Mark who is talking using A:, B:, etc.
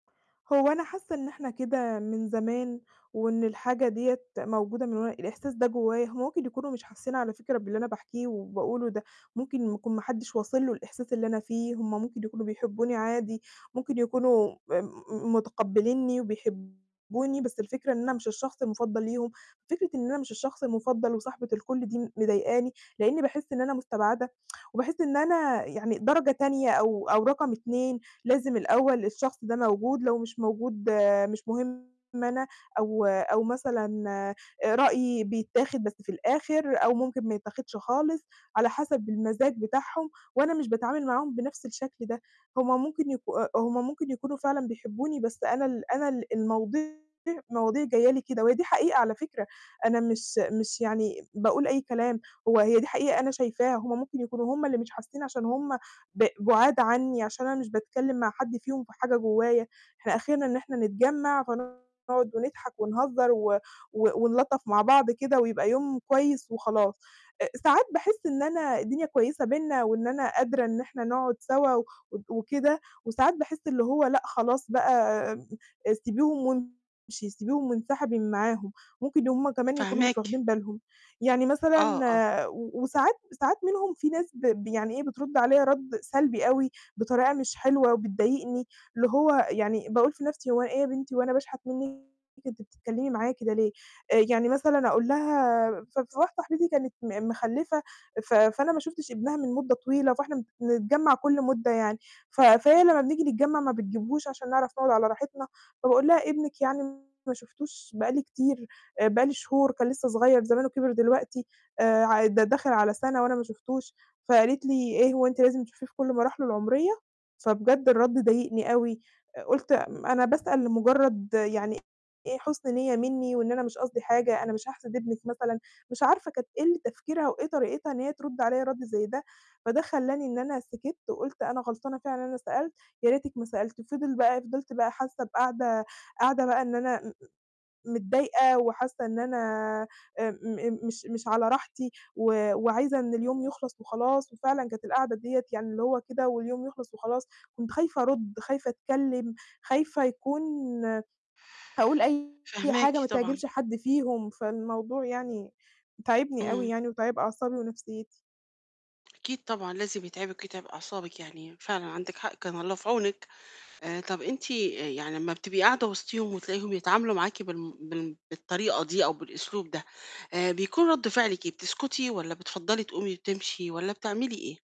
A: هو أنا حاسة إن إحنا كده من زمان، وإن الحاجة دِيَّة موجودة من وأن الإحساس ده جوايا، هم ممكن يكونوا مش حاسين على فكرة باللي أنا باحكيه وباقوله ده. ممكن يكون ما حدش واصل له الإحساس اللي أنا فيه. هم ممكن يكونوا بيحبوني عادي، ممكن يكونوا آآ، م متقبلينني وبيحبوني، بس الفكرة إن أنا مش الشخص المفضّل ليهم، فكرة إن أنا مش الشخص المفضّل وصاحبة الكُلّ دي مضايقاني، لأني باحس إن أنا مستبعدة وباحس إن أنا يعني درجة تانية أو أو رقم 2، لازم الأول الشخص ده موجود، لو مش موجود مش مهم أنا، أو أو مثلًا آآ، رأيي بيتاخد بس في الآخر، أو ممكن ما يتاخدش خالص على حسب المزاج بتاعهم، وأنا مش باتعامل معاهم بنفْس الشكل ده، هم ممكن يك أ هم ممكن يكونوا فعلًا بيحبوني، بس أنا ال أنا ال المواضيع المواضيع جاية لي كده، وهي دي حقيقة على فكرة، أنا مش مش يعني باقول أي كلام، هو هي دي حقيقة أنا شايفاها، هم ممكن يكونوا هم اللي مش حاسين عشان هم ب بُعاد عني، عشان أنا مش باتكلم مع حد فيهم في حاجة جوايا، إحنا آخرنا إن إحنا نتجمّع، فنقعد ونضحك ونهزر و و ونلطّف مع بعض كده ويبقى يوم كويس وخلاص، آآ، ساعات باحس إن أنا الدنيا كويسة بيننا، وإن أنا قادرة إن إحنا نقعد سوا و وكده، وساعات باحس اللي هو لأ خلاص بقى آآ، سيبيهم وامشي، سيبيهم وانسحبي من معاهم، ممكن هم كمان يكونوا مش
B: فاهماكِ.
A: واخدين بالهم. يعني
B: آه، آه.
A: مثلًا و-وساعات ساعات منهم فيه ناس ب يعني إيه بترد عليَّ رد سلبي أوي بطريقة مش حلوة وبتضايقني، اللي هو يعني باقول في نفْسي هو إيه يا بنتي هو أنا باشحت منِّك، أنتِ بتتكلمي معايا كده ليه؟ آآ، يعني مثلًا أقول لها ف ف واحدة صاحبتي دي كانت م مخلّفة، ف فأنا ما شُفتش ابنها من مدة طويلة، فإحنا بنتجمّع كُلّ مُدّة يعني، ف فهي لمّا بنيجي نتجمّع ما بتجيبهوش عشان نعرف نقعد على راحتنا، فباقول لها ابنِك يعني ما شُفتوش بقى لي كتير، آآ، بقى لي شهور، كان لسه صغير زمانُه كِبِر دلوقتي، آآ، ع ده داخل على سنة وأنا ما شُفتوش، فقالت لي: "إيه هو أنتِ لازم تشوفيه في كُلّ مراحلُه العمرية؟" فبجد الرد ضايقني أوي، آآ، قلت م أنا باسأل لمجرد يعني إيه حُسن نِيَّة مني، وإن أنا مش قصدي حاجة، أنا مش هاحسد ابنِك مثلًا، مش عارفة كانت إيه ال تفكيرها وإيه طريقتها إن هي ترد عليَّ رد زي ده، فده خلّاني إن أنا سكِتّ وقُلت أنا غلطانة فعلًا إن أنا سألت، يا ريتِك ما سألتِ، فِضِل بقى فِضِلت بقى حاسة بقاعدة قاعدة بقى إن أنا م متضايقة وحاسة إن أنا آآ، م مش مش على راحتي، وآآ، وعايزة إن اليوم يخلص وخلاص، وفعلًا كانت القعدة ديَّة يعني اللي هو كده واليوم يخلص وخلاص، كنت خايفة أرُدّ، خايفة أتكلّم، خايفة يكون آآ، هاقول أي
B: فاهماكِ
A: حاجة ما
B: طبعًا.
A: تعجبش حد فيهم، فالموضوع يعني تاعبني أوي
B: امم.
A: يعني، وتاعب أعصابي ونفسيتي.
B: أكيد طبعًا، لازم يتعبِك ويتعب أعصابِك يعني، فعلًا عندِك حق، كان الله في عونِك، آآ، طب أنتِ آآ، يعني لمّا بتبقي قاعدة وسطيهم وتلاقيهم يتعاملوا معاكِ بالم بال بالطريقة دي أو بالأسلوب ده، آآ، بيكون رد فعلِك إيه؟ بتسكُتي؟ والَّا بتفضَّلي تقومي وتمشي؟ والَّا بتعملي إيه؟